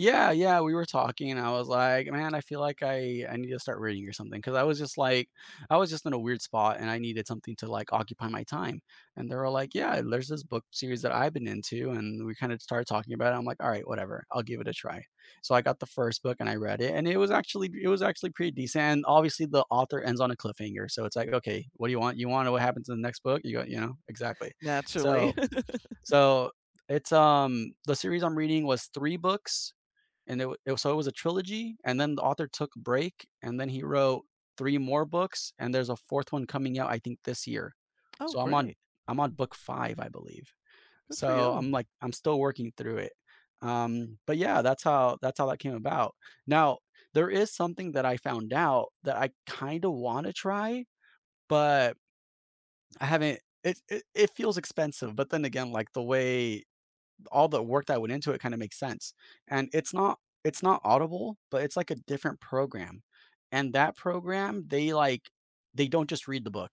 Yeah, yeah, we were talking and I was like, "Man, I feel like I I need to start reading or something." 'Cause I was just, like I was just in a weird spot and I needed something to, like, occupy my time, and they were like, "Yeah, there's this book series that I've been into" and we kinda started talking about it, I'm like, "Alright, whatever, I'll give it a try." So, I got the 1st book and I read it and it was actually pr it was actually pretty decent, and obviously the author ends on a cliffhanger, so it's like, "Okay, what do you want, you wanna know what happens in the next book?" You go you know? Exactly. Naturally. So so it's, um the series I'm reading was 3 books and it wa so it was a trilogy, and then the author took break, and then he wrote 3 more books, and there's a 4th one coming out, I think, this year. Oh, So, I'm on great. I'm on book 5, I believe. Good for So, you. I'm, like, I'm still working through it, um but, yeah, that's how that's how that came about. Now there is something that I found out that I kinda wanna try, but I haven't it it it feels expensive, but then again, like, the way all the work that went into it kinda makes sense. And it's not it's not Audible, but it's, like, a different program, and that program, they, like, they don't just read the book.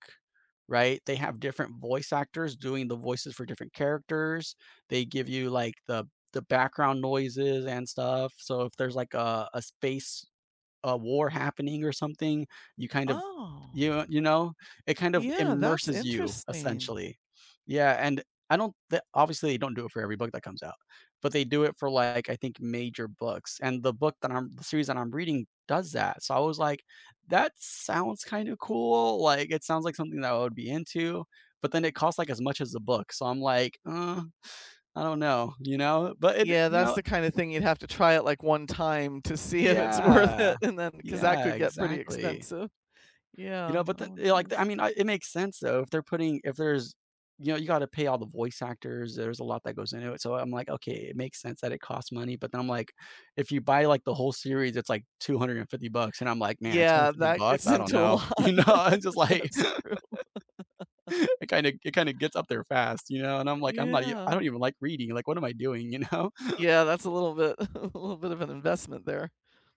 Right, they have different voice actors doing the voices for different characters. They give you, like, the the background noises and stuff, so if there's, like, uh, a space a war happening or something, you kind of Oh. Y you know? It kind of Yeah, that's immerses you, interesting. essentially. Yeah, and I don't the obviously they don't do it for every book that comes out, but they do it for, like, I think major books, and the book that I'm the series that I'm reading does that, so I was like, "That sounds kinda cool, like, it sounds like something that I would be into." But then it costs, like, as much as a book, so I'm like, "Uh, I don't know." You know? But it d Yeah, you that's know the kinda thing you'd have to try it, like, one time to see if it's worth Yeah, it, and then 'cause that yeah, could get pretty exactly. expensive. You Yeah, know, but then, oh my you know, like, I goodness. mean, it makes sense, though, if they're putting if there's you know, you gotta pay all the voice actors, there's a lot that goes into it. So, I'm like, "Okay, it makes sense that it costs money." But then I'm like if you buy, like, the whole series, it's like 250 bucks, and I'm like, "Man, two hundred Yeah, and fifty that bucks, gets I don't into a know." lot, you know, I'm just like that's true. It kinda it kinda gets up there fast, you know, and I'm like, "I'm not even I Yeah. don't even like reading, like, what am I doing?" you know? Yeah, that's a little bit, a little bit of an investment there.